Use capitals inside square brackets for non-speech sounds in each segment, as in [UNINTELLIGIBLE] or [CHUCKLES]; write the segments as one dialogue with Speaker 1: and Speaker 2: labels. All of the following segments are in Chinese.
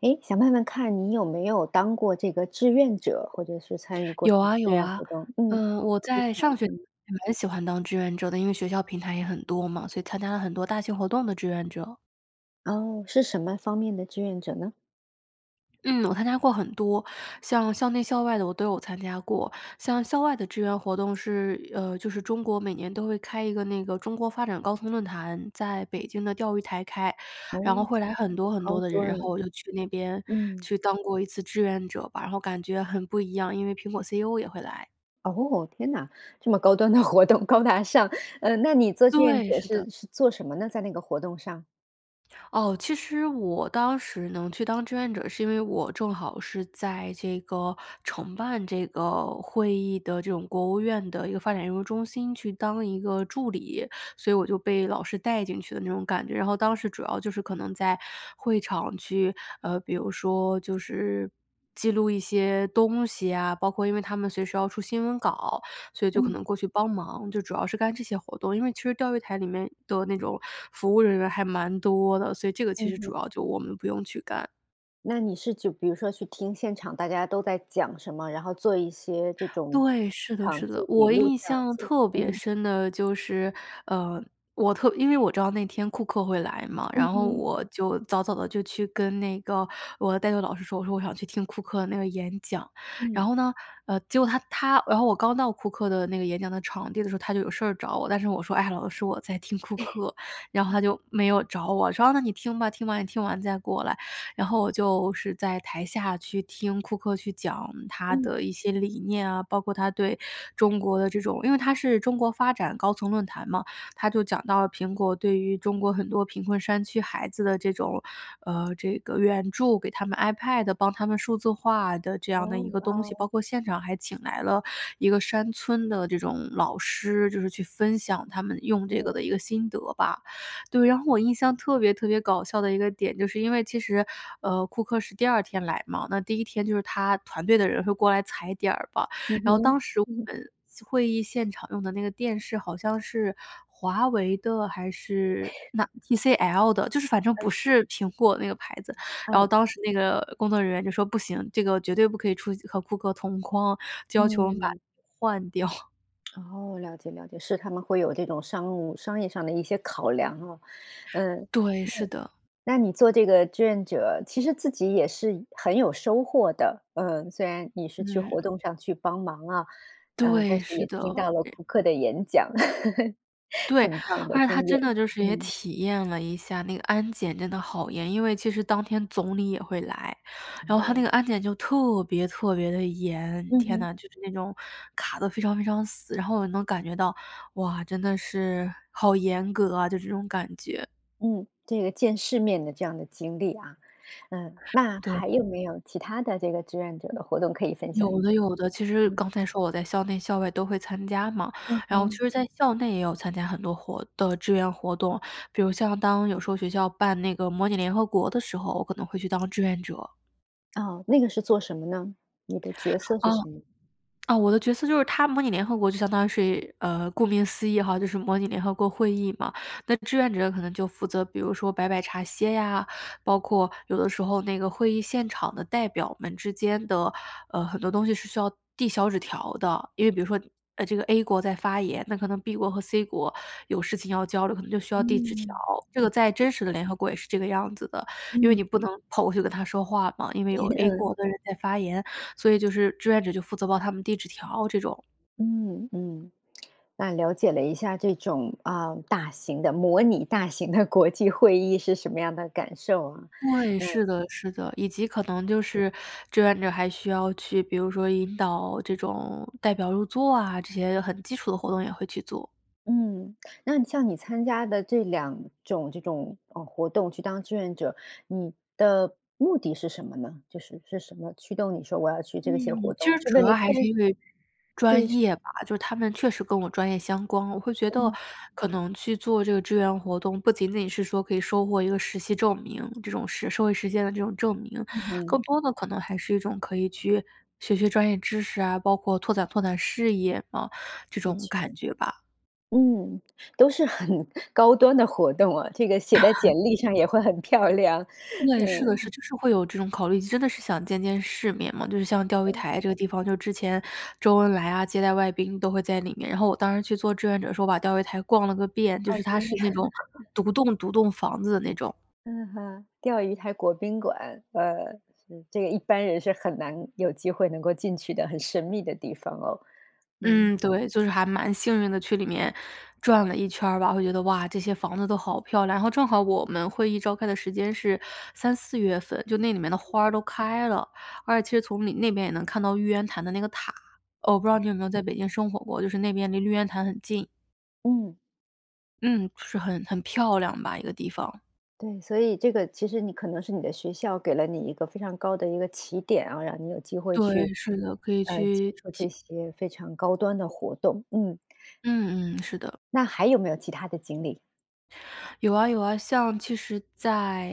Speaker 1: 诶，想问问看你有没有当过这个志愿者，或者是参与过什
Speaker 2: 有
Speaker 1: 么
Speaker 2: 啊，
Speaker 1: 志
Speaker 2: 有
Speaker 1: 愿
Speaker 2: 啊。
Speaker 1: 活动？嗯。
Speaker 2: 呃，我在上学
Speaker 1: [UNINTELLIGIBLE]
Speaker 2: [UNINTELLIGIBLE] 蛮喜欢当志愿者的，因为学校平台也很多嘛，所以参加了很多大型活动的志愿者。
Speaker 1: 哦，是什么方面的志愿者呢？
Speaker 2: 嗯，我参加过很多。像校内校外的，我都有参加过，像校外的志愿活动是呃，就是中国每年都会开一个那个中国发展高峰论坛，在北京的钓鱼台开。然
Speaker 1: 哦，
Speaker 2: 后会来很
Speaker 1: 很
Speaker 2: 多很
Speaker 1: 高
Speaker 2: 多的人，
Speaker 1: 端
Speaker 2: 然后
Speaker 1: 哦，
Speaker 2: 我就去那边
Speaker 1: 嗯。
Speaker 2: 去当过一次志愿者吧，然后感觉很不一样，因为苹果 CEO 也会来。
Speaker 1: 哦，天呐，这么高端的活动，高大上。呃，那你做志愿
Speaker 2: 对，
Speaker 1: 者
Speaker 2: 是的。
Speaker 1: 是是做什么呢？在那个活动上？
Speaker 2: 哦，其实我当时能去当志愿者是因为我正好是在这个承办这个会议的这种国务院的一个发展研究中心去当一个助理，所以我就被老师带进去的那种感觉。然后当时主要就是可能在会场去呃，比如说，就是记录一些东西啊，包括因为他们随时要出新闻稿，所以就可能
Speaker 1: 嗯。
Speaker 2: 过去帮忙，就主要是干这些活动。因为其实钓鱼台里面的那种服务人员还蛮多的，所以这个其
Speaker 1: 嗯
Speaker 2: 实
Speaker 1: 哼。
Speaker 2: 主要就我们不用去干。
Speaker 1: 那你是就比如说去听现场大家都在讲什么，然后做一些这种
Speaker 2: 对，是的，
Speaker 1: 场
Speaker 2: 是
Speaker 1: 记
Speaker 2: 的，
Speaker 1: 笔
Speaker 2: 我
Speaker 1: 录这
Speaker 2: 印
Speaker 1: 样
Speaker 2: 象
Speaker 1: 子，
Speaker 2: 特别
Speaker 1: 嗯。
Speaker 2: 深的就是，呃，我特因为我知道那天库克会来嘛，
Speaker 1: 嗯
Speaker 2: 然后
Speaker 1: 哼。
Speaker 2: 我就早早地就去跟那个我的代课老师说，我说：“我想去听库克的那个演讲。”然
Speaker 1: 嗯。
Speaker 2: 后呢呃，结果他他然后我刚到库克的那个演讲的场地的时候，他就有事儿找我，但是我说：“哎呀，老师我在听库
Speaker 1: [CHUCKLES]
Speaker 2: 克。”然后
Speaker 1: 嗯。
Speaker 2: 他就没有找我，说：“啊，那你听吧，听完你听完再过来。”然后我就是在台下去听库克去讲他
Speaker 1: 嗯。
Speaker 2: 的一些理念啊，包括他对中国的这种因为他是中国发展高层论坛嘛，他就讲到了苹果对于中国很多贫困山区孩子的这种呃，这个援助，给他们 iPad，帮他们数字化的这样的
Speaker 1: 哦，
Speaker 2: 一个
Speaker 1: 哇
Speaker 2: 东西，包
Speaker 1: 哦。
Speaker 2: 括现场还请来了一个山村的这种老师，就是去分享
Speaker 1: 啊，
Speaker 2: 他们用这
Speaker 1: 嗯。
Speaker 2: 个的一个心得吧。对，然后我印象特别特别搞笑的一个点，就是因为其实，呃，库克是第二天来嘛，那第一天就是他团队的人会过来踩点儿吧，
Speaker 1: 嗯
Speaker 2: 然后
Speaker 1: 哼，
Speaker 2: 当时我
Speaker 1: 嗯。
Speaker 2: 们四会议现场用的那个电视好像是华为的还是
Speaker 1: [CHUCKLES]
Speaker 2: 那 TCL 的，就是反正不
Speaker 1: Okay。
Speaker 2: 是苹果那个牌子，然后
Speaker 1: 嗯。
Speaker 2: 当时那个工作人员就说：“不行，这个绝对不可以出去和库克同框”，就要求我们把
Speaker 1: 嗯。
Speaker 2: 换掉。
Speaker 1: 哦，了解，了解。是他们会有这种商务商业上的一些考量啊，嗯。那
Speaker 2: 对，是的。
Speaker 1: 那你做这个志愿者，其实自己也是很有收获的，呃，虽然你是去活
Speaker 2: 嗯。
Speaker 1: 动上去帮忙啊，呃，但
Speaker 2: 对，
Speaker 1: 是
Speaker 2: 是
Speaker 1: 也
Speaker 2: 的，
Speaker 1: 听
Speaker 2: 然
Speaker 1: 到了库克的演讲，[CHUCKLES]
Speaker 2: 对，
Speaker 1: 很棒的
Speaker 2: 而且它
Speaker 1: 经验，
Speaker 2: 真的就是也
Speaker 1: 嗯。
Speaker 2: 体验了一下那个安检真的好严，因为其实当天总理也会来，然后它那
Speaker 1: 哦。
Speaker 2: 个安检就特别特别的严。
Speaker 1: 嗯
Speaker 2: 天
Speaker 1: 哼。
Speaker 2: 呐，就是那种卡得非常非常死，然后也能感觉到哇，真的是好严格啊，就这种感觉。
Speaker 1: 嗯，这个见世面的这样的经历啊。嗯，那
Speaker 2: 对。
Speaker 1: 还有没有其它的这个志愿者的活动可以分享一
Speaker 2: 有的，
Speaker 1: 下？
Speaker 2: 有的，其实
Speaker 1: 嗯。
Speaker 2: 刚才说我在校内、校外都会参加嘛。
Speaker 1: 嗯
Speaker 2: 然后其
Speaker 1: 哼。
Speaker 2: 实在校内也有参加很多活的志愿活动，比如像当有时候学校办那个模拟联合国的时候，我可能会去当志愿者。
Speaker 1: 哦，那个是做什么呢？你的角色
Speaker 2: 哦，
Speaker 1: 是什么？
Speaker 2: 啊，我的角色就是它模拟联合国就相当于是呃，顾名思义哈，就是模拟联合国会议嘛。那志愿者可能就负责，比如说，摆摆茶歇呀，包括有的时候那个会议现场的代表们之间的，呃，很多东西是需要递小纸条的。因为比如说，呃，这个 a 国在发言，那可能 b 国和 c 国，有事情要交流，可能就需要递纸条。
Speaker 1: 嗯。
Speaker 2: 这个在真实的联合国也是这个样子的，因为你
Speaker 1: 嗯。
Speaker 2: 不能跑过去跟他说话嘛，因为有
Speaker 1: 对，
Speaker 2: a
Speaker 1: 嗯。
Speaker 2: 国的人在发言，所以就是志愿者就负责帮他们递纸条这种。
Speaker 1: 嗯嗯。那了解了一下，这种，啊，大型的模拟大型的国际会议是什么样的感受啊，
Speaker 2: 对，
Speaker 1: 嗯。
Speaker 2: 是的是的。以及可能就是，志愿者还需要去，比如说引导这种代表入座啊，这些很基础的活动也会去做。
Speaker 1: 嗯，那像你参加的这2种这种，呃，活动去当志愿者，你的目的是什么呢？就是，是什么驱动你说我要去
Speaker 2: 嗯，
Speaker 1: 这些活
Speaker 2: 其
Speaker 1: 动，
Speaker 2: 实
Speaker 1: 是
Speaker 2: 主
Speaker 1: 为了
Speaker 2: 要还是
Speaker 1: 见识？
Speaker 2: 因为
Speaker 1: 对，
Speaker 2: 专
Speaker 1: 是
Speaker 2: 业吧。就是他们确实跟我专业相关，我会觉得，
Speaker 1: 嗯。
Speaker 2: 可能去做这个志愿活动，不仅仅是说，可以收获一个实习证明，这种社社会实践的这种证明，
Speaker 1: 嗯
Speaker 2: 更
Speaker 1: 哼。
Speaker 2: 多的，可能还是一种可以去，学学专业知识啊，包括拓展拓展事业，嗯，这
Speaker 1: 的
Speaker 2: 种
Speaker 1: 确。
Speaker 2: 感觉吧。
Speaker 1: 嗯，都是很高端的活动啊，这个写在简历上也会很漂亮，
Speaker 2: 对，是的，是，
Speaker 1: 嗯。
Speaker 2: 就是会有这种考虑，真的是想见见世面嘛，就是像钓鱼
Speaker 1: 嗯。
Speaker 2: 台这个地方，就之前周恩来啊，接待外宾都会在里面。然后我当时去做志愿者时候把钓鱼台逛了个遍，就
Speaker 1: 哦，
Speaker 2: 是它
Speaker 1: 真的呀。
Speaker 2: 是那种，
Speaker 1: [CHUCKLES]
Speaker 2: 独栋、独栋房子的那种。
Speaker 1: 嗯哼，钓鱼台国宾馆。呃，是，这个一般人是很难有机会能够进去的，很神秘的地方哦，嗯。
Speaker 2: 嗯，对，就是还蛮幸运地去里面，转了一圈儿吧。我觉得，哇，这些房子都好漂亮。然后正好我们会议召开的时间是三、四月份，就那里面的花儿都开了，而且其实从里那边也能看到玉渊潭的那个塔。呃，我不知道你有没有在北京生活过，就是那边离玉渊潭很近。
Speaker 1: 嗯。
Speaker 2: 嗯，是很-很漂亮吧，一个地方。
Speaker 1: 对，所以这个其实你可能是你的学校给了你一个非常高的一个起点啊，让你有机会去，
Speaker 2: 对，是的，可以
Speaker 1: 呃，接
Speaker 2: 去
Speaker 1: 受这
Speaker 2: 体
Speaker 1: 些非常高端的活动，嗯。
Speaker 2: 嗯嗯，是的。
Speaker 1: 那还有没有其他的经历？
Speaker 2: 有啊有啊，像其实在，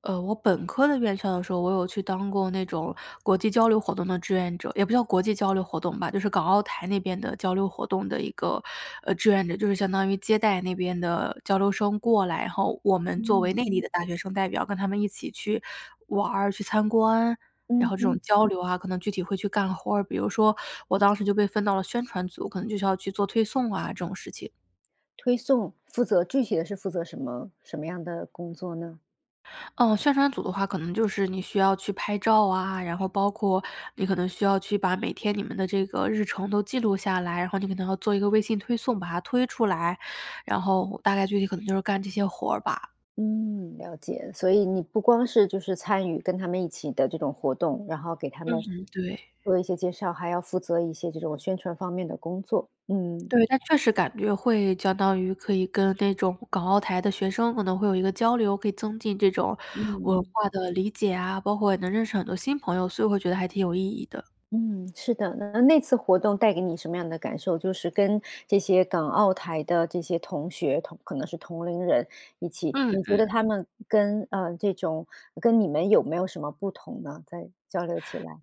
Speaker 2: 呃，我本科的院校的时候，我有去当过那种国际交流活动的志愿者，也不叫国际交流活动吧，就是港澳台那边的交流活动的一个，呃志愿者。就是相当于接待那边的交流生过来，然后我们作为
Speaker 1: 嗯。
Speaker 2: 内地的大学生代表跟他们一起，去玩儿，去参观。然
Speaker 1: 嗯
Speaker 2: 后这种
Speaker 1: 哼。
Speaker 2: 交流啊，可能具体会去干活儿，比如说我当时就被分到了宣传组，可能就是要去做推送啊，这种事情。
Speaker 1: 推送，负责具体的是负责什么什么样的工作呢？
Speaker 2: 呃，宣传组的话可能就是你需要去拍照啊，然后包括你可能需要去把每天你们的这个日程都记录下来。然后你可能要做一个微信推送，把它推出来，然后大概具体可能就是干这些活儿吧。
Speaker 1: 嗯，了解，所以你不光是就是参与跟他们一起的这种活动，然后给他
Speaker 2: 嗯
Speaker 1: 们
Speaker 2: 哼，对。
Speaker 1: 做一些介绍，还要负责一些这种宣传方面的工作，嗯。
Speaker 2: 对，但确实感觉会相当于可以跟那种港澳台的学生可能会有一个交流，可以增进这种，文
Speaker 1: 嗯。
Speaker 2: 化的理解啊，包括也能认识很多新朋友，所以我会觉得还挺有意义的。
Speaker 1: 嗯，是的。那-那次活动带给你什么样的感受，就是跟这些港澳台的这些同学同可能是同龄人一起，
Speaker 2: 嗯
Speaker 1: 你觉
Speaker 2: 嗯。
Speaker 1: 得他们跟，呃，这种跟你们有没有什么不同呢？在交流起来。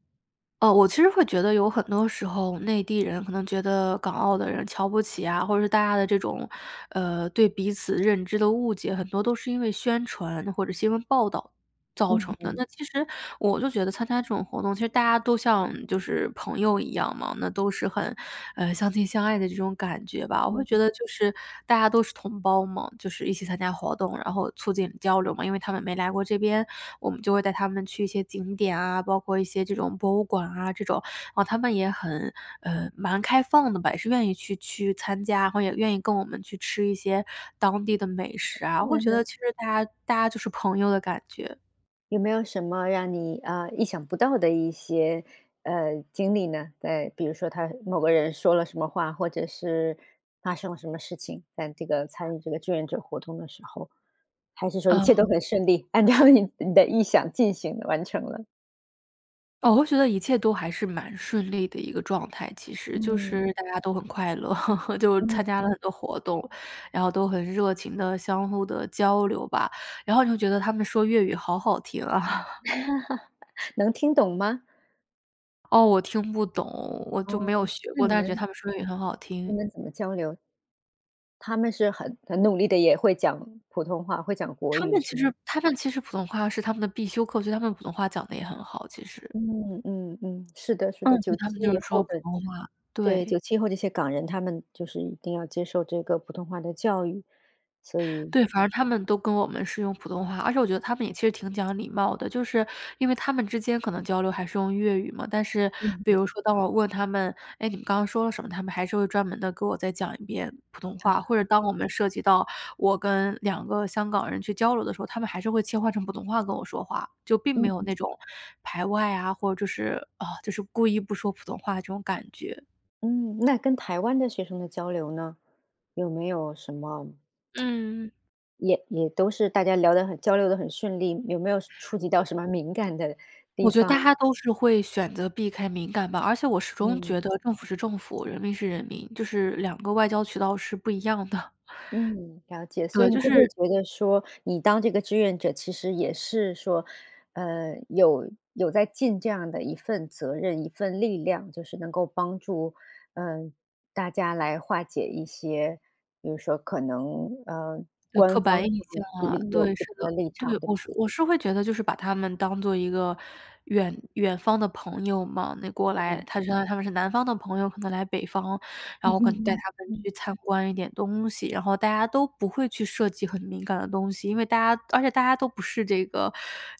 Speaker 2: 呃我其实会觉得有很多时候，内地人可能觉得，港澳的人瞧不起呀，或者大家的这种，呃，对彼此认知的误解很多都是因为宣传或者新闻报道造成
Speaker 1: 嗯
Speaker 2: 的。
Speaker 1: 哼。
Speaker 2: 那其实我就觉得参加这种活动，其实大家都像就是朋友一样嘛，那都是很，呃，相亲相爱的这种感觉吧。我会
Speaker 1: 嗯哼。
Speaker 2: 觉得就是大家都是同胞嘛，就是一起参加活动，然后促进交流嘛。因为他们没来过这边，我们就会带他们去一些景点啊，包括一些这种博物馆啊这种，啊他们也很，呃，蛮开放的吧，也是愿意去-去参加，然后也愿意跟我们去吃一些当地的美食啊，我
Speaker 1: 嗯
Speaker 2: 会觉得
Speaker 1: 哼。
Speaker 2: 其实大家大家就是朋友的感觉。
Speaker 1: 有没有什么让你，呃，意想不到的一些，呃，经历呢？对，比如说他某个人说了什么话，或者是发生了什么事情？在这个参与这个志愿者活动的时候。还是说一切都
Speaker 2: 呃。
Speaker 1: 很顺利，按照你你的意想进行完成了。
Speaker 2: 哦，我觉得一切都还是蛮顺利的一个状态其实。就
Speaker 1: 嗯。
Speaker 2: 是大家都很快乐，[CHUCKLES] 就
Speaker 1: 嗯
Speaker 2: 参加了
Speaker 1: 嗯。
Speaker 2: 很多活动，然后都很热情地相互地交流吧，然后就觉得他们说粤语好好听啊。[CHUCKLES]
Speaker 1: [CHUCKLES] 能听懂吗？
Speaker 2: 哦，我听不懂，我就没
Speaker 1: 哦，
Speaker 2: 有学
Speaker 1: 那
Speaker 2: 过，
Speaker 1: 你
Speaker 2: 但是觉得
Speaker 1: 们
Speaker 2: 他们说粤语很好
Speaker 1: 你
Speaker 2: 听。
Speaker 1: 们怎么交流？他们是很很努力的，也会讲普通话会讲国
Speaker 2: 他
Speaker 1: 语
Speaker 2: 们
Speaker 1: 是
Speaker 2: 其
Speaker 1: 吗？
Speaker 2: 实他们其实普通话是他们的必修课，所以他们普通话讲得也很好，其实。
Speaker 1: 嗯，嗯，嗯，是的是的。
Speaker 2: 嗯，所
Speaker 1: 九
Speaker 2: 以他们
Speaker 1: 七
Speaker 2: 就
Speaker 1: 以
Speaker 2: 是说
Speaker 1: 后
Speaker 2: 普
Speaker 1: 的
Speaker 2: 通话，
Speaker 1: 对，
Speaker 2: 对。
Speaker 1: 97以后这些港人，他们就是一定要接受这个普通话的教育，所以
Speaker 2: 对，反正他们都跟我们是用普通话，而且我觉得他们也其实挺讲礼貌的。就是因为他们之间可能交流还是用粤语嘛，但是
Speaker 1: 嗯
Speaker 2: 比
Speaker 1: 嗯。
Speaker 2: 如说当我问他们：“哎，你们刚刚说了什么？”他们还是会专门地跟我再讲一遍普通话。或者
Speaker 1: 啊。
Speaker 2: 当我们涉及到我跟2个香港人去交流的时候，他们还是会切换成普通话跟我说话.就并没
Speaker 1: 嗯
Speaker 2: 有
Speaker 1: 嗯。
Speaker 2: 那种排外啊，或者是，呃，就是故意不说普通话这种感觉。
Speaker 1: 嗯，那跟台湾的学生的交流呢？有没有什么 [SMACKS LIPS]
Speaker 2: 嗯。
Speaker 1: 也也都是大家聊得很交流得很顺利，有没有涉触及到
Speaker 2: 哦。
Speaker 1: 什么敏感的地
Speaker 2: 我觉得大
Speaker 1: 方？
Speaker 2: 家都是会选择避开敏感吧，而且我始终觉
Speaker 1: 嗯。
Speaker 2: 得政府是政府、人民是人民，就是两个外交渠道是不一样的。
Speaker 1: 嗯，了
Speaker 2: [CHUCKLES]
Speaker 1: 解。所以
Speaker 2: 对，
Speaker 1: 你
Speaker 2: 就
Speaker 1: 会不会
Speaker 2: 是
Speaker 1: 觉得说你当这个志愿者，其实也是说，呃，有有在尽这样的一份责任、一份力量。就是能够帮助，呃，大家来化解一些，比如说可能，呃，
Speaker 2: 对，
Speaker 1: 官
Speaker 2: 刻
Speaker 1: 方
Speaker 2: 板印象啊，
Speaker 1: [UNINTELLIGIBLE] 有
Speaker 2: 对，
Speaker 1: 不
Speaker 2: 是
Speaker 1: 同的
Speaker 2: 的。
Speaker 1: 立
Speaker 2: 对，
Speaker 1: 场，对
Speaker 2: 我
Speaker 1: 吧？
Speaker 2: 是我是会觉得就是把他们当做一个远远方的朋友嘛。那过来
Speaker 1: 嗯。
Speaker 2: 他就相当于他们是南方的朋友，可能来北方，然后可能带
Speaker 1: [CHUCKLES]
Speaker 2: 他们
Speaker 1: 嗯。
Speaker 2: 去参观一点东西。然后大家都不会去涉及很敏感的东西，因为大家而且大家都不是这个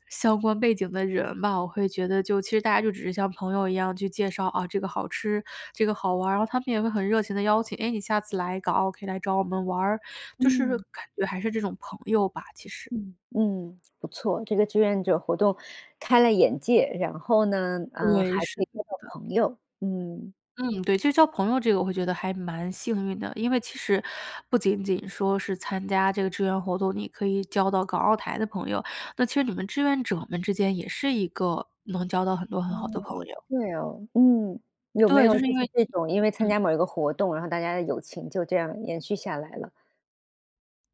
Speaker 2: 相关背景的人嘛。我会觉得就其实大家就只是像朋友一样去介绍，哦，这个好吃、这个好玩儿，然后他们也会很热情地邀请，哎，你下次来港澳可以来找我们玩儿，就是
Speaker 1: 嗯。
Speaker 2: 感觉还是这种朋友吧，其实。
Speaker 1: 嗯，嗯，不错。这个志愿者活动开了眼界，然后呢，呃，
Speaker 2: 对，
Speaker 1: 还可
Speaker 2: 是
Speaker 1: 以
Speaker 2: 的是
Speaker 1: 交
Speaker 2: 的。
Speaker 1: 到朋友，嗯。
Speaker 2: 嗯，对，就交朋友这个我会觉得还蛮幸运的。因为其实不仅仅说是参加这个志愿活动，你可以交到港澳台的朋友，那其实你们志愿者们之间也是一个能交到很多很
Speaker 1: 嗯，
Speaker 2: 好的朋友。
Speaker 1: 对哦，嗯，有没
Speaker 2: 对，
Speaker 1: 有
Speaker 2: 就是
Speaker 1: 就
Speaker 2: 因
Speaker 1: 是
Speaker 2: 为
Speaker 1: 这种因为参
Speaker 2: 嗯。
Speaker 1: 加某一个活动，然后大家的友情就这样延续下来了？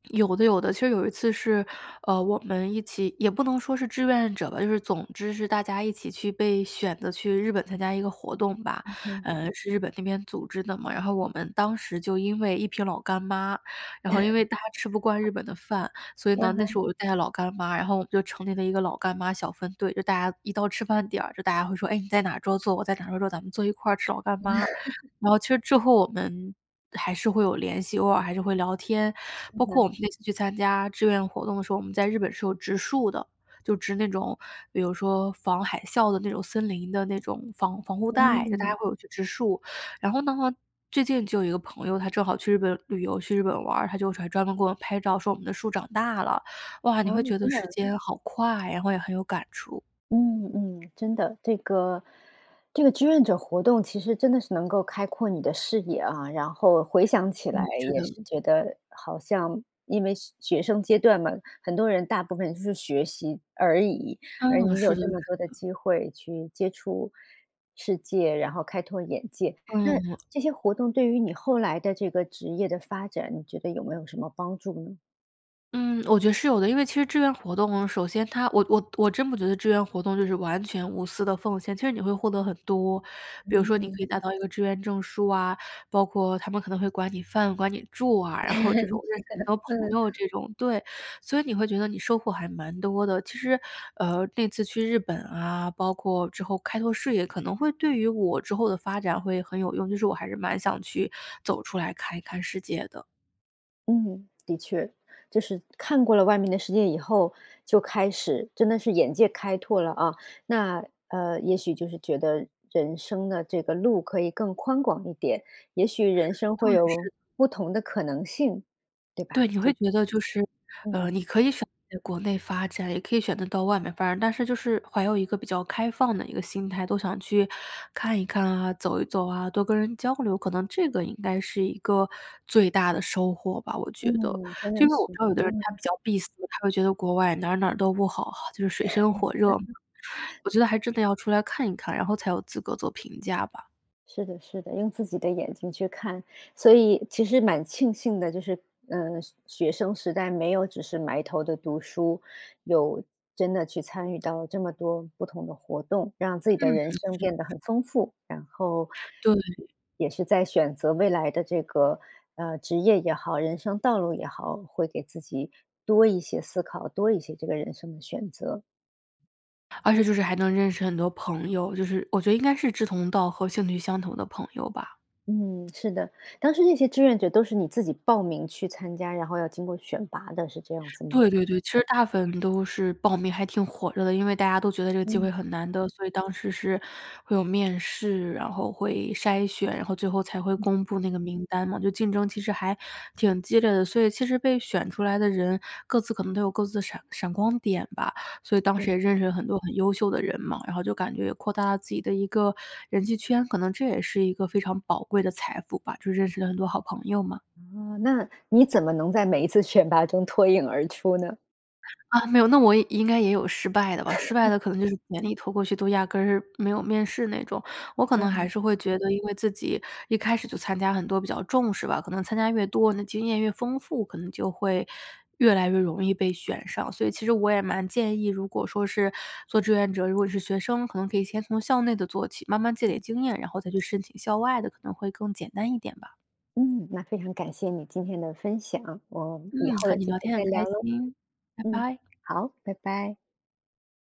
Speaker 2: 有的有的，其实有一次是，呃，我们一起也不能说是志愿者吧，就是总之是大家一起去被选择去日本参加一个活动吧。
Speaker 1: 嗯哼。
Speaker 2: 呃，是日本那边组织的嘛，然后我们当时就因为一瓶老干妈，然后因为大家吃不惯日
Speaker 1: 嗯，
Speaker 2: 本的饭，所以呢，
Speaker 1: 嗯
Speaker 2: 那时
Speaker 1: 哼。
Speaker 2: 候我就带着老干妈，然后我们就成立了一个老干妈小分队。就大家一到吃饭点儿，就大家会说，：“哎，你在哪桌坐？我在哪桌坐，咱们坐一块吃老干妈。”然后其实之后我们还是会有联系，偶尔还是会聊天，
Speaker 1: 嗯
Speaker 2: 包括
Speaker 1: 哼。
Speaker 2: 我们那次去参加志愿活动的时候，我们在日本是有植树的，就植那种比如说防海啸的那种森林的那种防防护带，就大家
Speaker 1: 嗯。
Speaker 2: 会有去植树。然后呢，最近就有一个朋友，他正好去日本旅游，去日本玩儿，他就专门给我们拍照说我们的树长大了，哇，你
Speaker 1: 哦，
Speaker 2: 会觉得
Speaker 1: 真
Speaker 2: 时
Speaker 1: 的。
Speaker 2: 间好快，然后也很有感触。
Speaker 1: 嗯，嗯，真的，这个，这个志愿者活动其实真的是能够开阔你的视野啊，然后回想起
Speaker 2: 嗯，
Speaker 1: 来
Speaker 2: 是
Speaker 1: 也是
Speaker 2: 的。
Speaker 1: 觉得，好像因为学学生阶段嘛，很多人大部分是学习而已，而
Speaker 2: 嗯，
Speaker 1: 你有
Speaker 2: 是的
Speaker 1: 这
Speaker 2: 是
Speaker 1: 么多的
Speaker 2: 的。
Speaker 1: 机会去接触世界，然后开拓眼界。那，
Speaker 2: 嗯。
Speaker 1: 这些活动对于你后来的这个职业的发展，你觉得有没有什么帮助呢？
Speaker 2: 嗯，我觉得是有的。因为其实志愿活动，首先它我我我真不觉得志愿活动就是完全无私地奉献，其实你会获得很多。比如说你
Speaker 1: 嗯。
Speaker 2: 可以拿到一个志愿证书啊，包括他们可能会管你饭管你住啊，
Speaker 1: [LAUGHS]
Speaker 2: 然
Speaker 1: 是
Speaker 2: 后这种
Speaker 1: 的，
Speaker 2: 认识很多朋
Speaker 1: 嗯。
Speaker 2: 友这种，对，所以你会觉得你收获还蛮多的。其实，呃，那次去日本啊，包括之后开拓视野，可能会对于我之后的发展会很有用，就是我还是蛮想去，走出来看一看世界的。
Speaker 1: 嗯，的确。就是看过了外面的世界以后，就开始真的是眼界开拓了啊。那，呃，也许就是觉得人生的这个路可以更宽广一点，也许人生
Speaker 2: 对，
Speaker 1: 会有
Speaker 2: 是。
Speaker 1: 不同的可能性，对
Speaker 2: 对，
Speaker 1: 吧？
Speaker 2: 你会
Speaker 1: 就
Speaker 2: 觉得就是，呃，
Speaker 1: 嗯。
Speaker 2: 你可以选择在国内发展，也可以选择到外面发展，但是就是怀有一个比较开放的一个心态。都想去看一看啊，走一走啊，多跟人交流，可能这个应该是一个最大的收获吧，我觉得。
Speaker 1: 嗯，真
Speaker 2: 就
Speaker 1: 的
Speaker 2: 是我
Speaker 1: 是，
Speaker 2: 知道有的人他
Speaker 1: 嗯。
Speaker 2: 比较闭塞，他会觉得国外哪儿哪儿都不好，就是水深火热。我觉得还真的要出来看一看，然后才有资格做评价吧。
Speaker 1: 是的，是的，用自己的眼睛去看。所以其实蛮庆幸的，就是，呃，学学生时代没有只是埋头地读书，有真的去参与到这么多不同的活动，让自己
Speaker 2: 嗯，
Speaker 1: 的
Speaker 2: 是的是
Speaker 1: 人生变得
Speaker 2: 的。
Speaker 1: 很丰富。然后，
Speaker 2: 对。
Speaker 1: 也是在选择未来的这个，呃，职业也好，人生道路也好，会给自己多一些思考，多一些这个人生的选择。
Speaker 2: 而且就是还能认识很多朋友，就是我觉得应该是志同道合，兴趣相投的朋友吧。
Speaker 1: 嗯，是的。当时那些志愿者都是你自己报名去参加，然后要经过选拔的，是这样子吗？
Speaker 2: 对对对，其实大部分都是报名还挺火热的。因为大家都觉得这个机会
Speaker 1: 嗯。
Speaker 2: 很难得，所以当时是会有面试，然后会筛选，然后最后才会
Speaker 1: 嗯。
Speaker 2: 公布那个名单嘛。就竞争其实还挺激烈的，所以其实被选出来的人各自可能都有各自的闪闪光点吧。所以当时
Speaker 1: 嗯。
Speaker 2: 也认识了很多很优秀的人嘛，然后就感觉也扩大了自己的一个人际圈，可能这也是一个非常宝贵的财富吧，就认识了很多好朋友嘛。
Speaker 1: 哦，那你怎么能在每一次选拔中脱颖而出呢？
Speaker 2: 啊，没有，那我应该也有失败的吧。失败
Speaker 1: [LAUGHS]
Speaker 2: 的可能就是简历投过去都压根儿没有面试那种。我可能
Speaker 1: 嗯
Speaker 2: 还
Speaker 1: 哼。
Speaker 2: 是会觉得因为自己一开始就参加很多比较重视吧，可能参加越多，那经验越丰富，可能就会越来越容易被选上。所以其实我也蛮建议，如果说是做志愿者，如果是学生，可能可以先从校内的做起，慢慢积
Speaker 1: 嗯。
Speaker 2: 累经验，然后再去申请校外的可能会更简单一点吧。
Speaker 1: 嗯，那非常感谢你今天的分享，我以
Speaker 2: 嗯，
Speaker 1: 后
Speaker 2: 和
Speaker 1: 有
Speaker 2: 你
Speaker 1: 机
Speaker 2: 聊
Speaker 1: 会
Speaker 2: 天
Speaker 1: 再
Speaker 2: 很开
Speaker 1: 聊咯。
Speaker 2: 心，拜
Speaker 1: 嗯，
Speaker 2: 拜。
Speaker 1: 好，拜拜。